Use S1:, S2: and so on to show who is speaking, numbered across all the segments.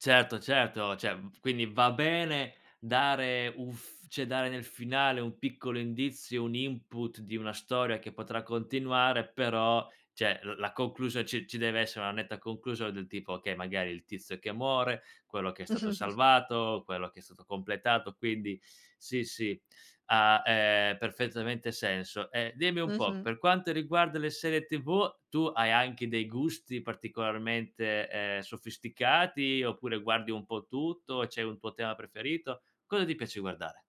S1: Certo, certo, cioè, mhmm, f quindi va bene dare un f cioè dare nel finale un piccolo indizio, un input di una storia che potrà continuare, però, cioè, l la conclusio ci ci deve essere una netta conclusion del tipo: okay, magari il tizio che muore, quello che è stato salvato, quello che è stato completato, quindi, sì, sì, ha, ehm, perfettamente senso. E dimmi un po',
S2: Mh-mh.
S1: per quanto riguarda le serie TV, tu hai anche dei gusti particolarmente, ehm, sofisticati, oppure guardi un po' tutto? C'è un tuo tema preferito? Cosa ti piace guardare?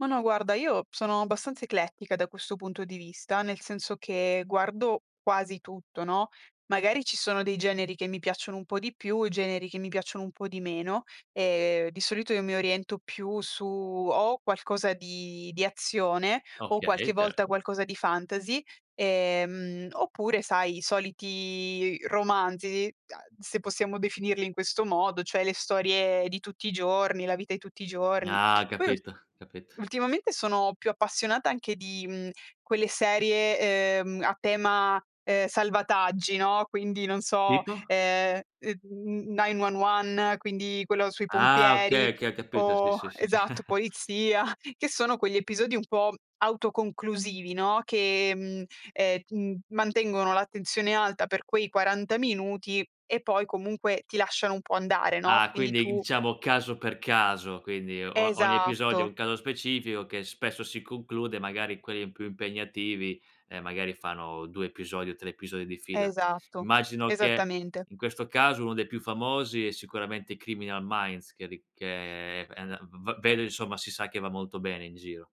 S2: Ma no guarda, io sono abbastanza eclettica, da questo punto di vista, nel senso che guardo quasi tutto, no, magari ci sono dei generi che mi piacciono un po' di più, generi che mi piacciono un po' di meno. E di solito, io mi oriento più su, o qualcosa di di azione o qualche
S1: Okay,
S2: volta
S1: certo.
S2: qualcosa di fantasy, ehm, oppure sai, i soliti romanzi, uhm, se possiamo definirli in questo modo, cioè le storie di tutti i giorni, la vita di tutti i giorni.
S1: Ah,
S2: Poi ul
S1: capito capit
S2: ultimamente, sono più appassionata, anche di, mhmm, quelle serie, ehm, a tema, ehm, salvataggi, no, quindi non so,
S1: Tipo?
S2: ehm, mhmm, 9-1-1, quindi quello sui
S1: Ah,
S2: pompieri
S1: okay, okay capito, sì,
S2: o
S1: sì, sì.
S2: esatto, polizia, che sono quegli episodi un po' autoconclusivi, no, che, mhmm, ehm, [unintelligible] mantengono l'attenzione alta per quei 40 minuti, e poi comunque ti lasciano un po' andare, no,
S1: Ah,
S2: quindi
S1: quindi
S2: tu
S1: diciamo caso per caso, quindi o ogni episodio è
S2: Esatto.
S1: un caso specifico, che spesso si conclude, magari quelli più impegnativi, ehm, magari fanno 2 episodi o 3 episodi di fila.
S2: Esatto,
S1: Immagino che
S2: esattamente.
S1: in questo caso, uno dei più famosi è sicuramente Criminal Minds che ri che, ehm, v vedo insomma, si sa che va molto bene in giro.